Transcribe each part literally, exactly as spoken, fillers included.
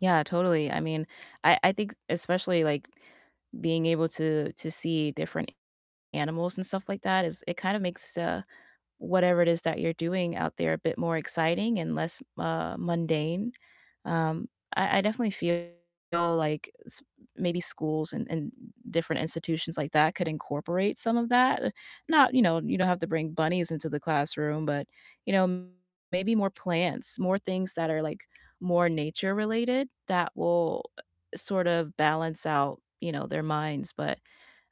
Yeah, totally, I mean, I I think especially, like, being able to to see different a animals and stuff like that is it kind of makes, uh, whatever it is that you're doing out there a bit more exciting and less, uh, mundane, um, I I definitely feel like s maybe schools and and different institutions like that could incorporate some of that. Not you know, you don't have to bring bunnies into the classroom, but, you know, maybe more plants, more things that are, like, more nature related that will sort of balance out, you know, their minds, but,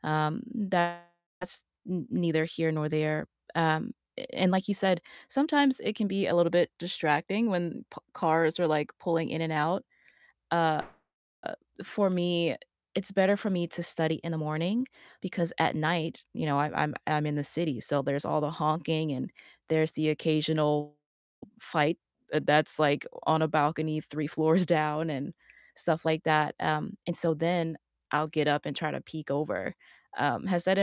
um, that's n neither here nor there, um, and like you said, sometimes it can be a little bit distracting when p cars are, like, pulling in and out, uh uh, for me, it's better for me to study in the morning because at night, you know, I'm I'm I'm in the city, so there's all the honking and there's the occasional fight, uh, that's, like, on a balcony three floors down and stuff like that, um, and so then I'll get up and try to peek over, um, has that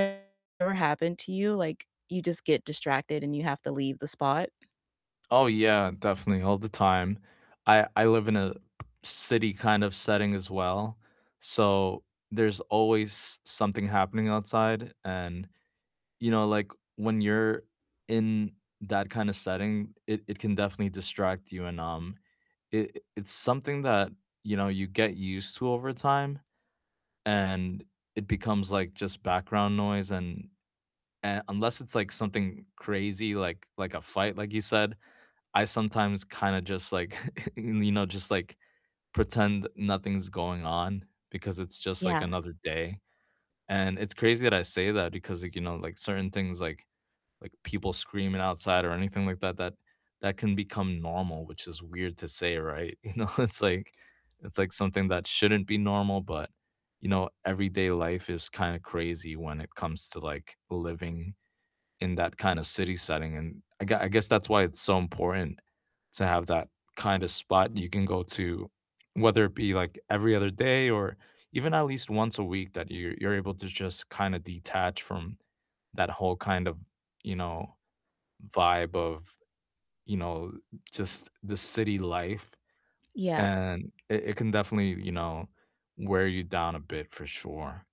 ever happened to you? Like, you just get distracted and you have to leave the spot? Oh yeah, definitely all the time, I I live in a city kind of setting as well, so there's always something happening outside, and, you know, like, when you're in that kinda setting, it it can definitely distract you, and, um, it it's something that, you know, you get used to over time, and it becomes, like, just background noise, and, uh, unless it's like something crazy like like a fight, like you said, I sometimes kinda just, like you know, just, like, pretend nothing's going on because it's just, like, Yeah. another day, and it's crazy that I say that because, like, you know, like, certain things, like like, people screaming outside or anything like that that that can become normal, which is weird to say, right? You know, it's, like it's like something that shouldn't be normal, but, you know, everyday life is kind of crazy when it comes to, like, living in that kinda city setting, and I g I guess that's why it's so important to have that kind of spot you can go to, whether it be, like, every other day or even at least once a week that you're you're able to just kind of detach from that whole kind of, you know, vibe of, you know, just the city life, Yeah. and it it can definitely, you know, wear you down a bit for sure.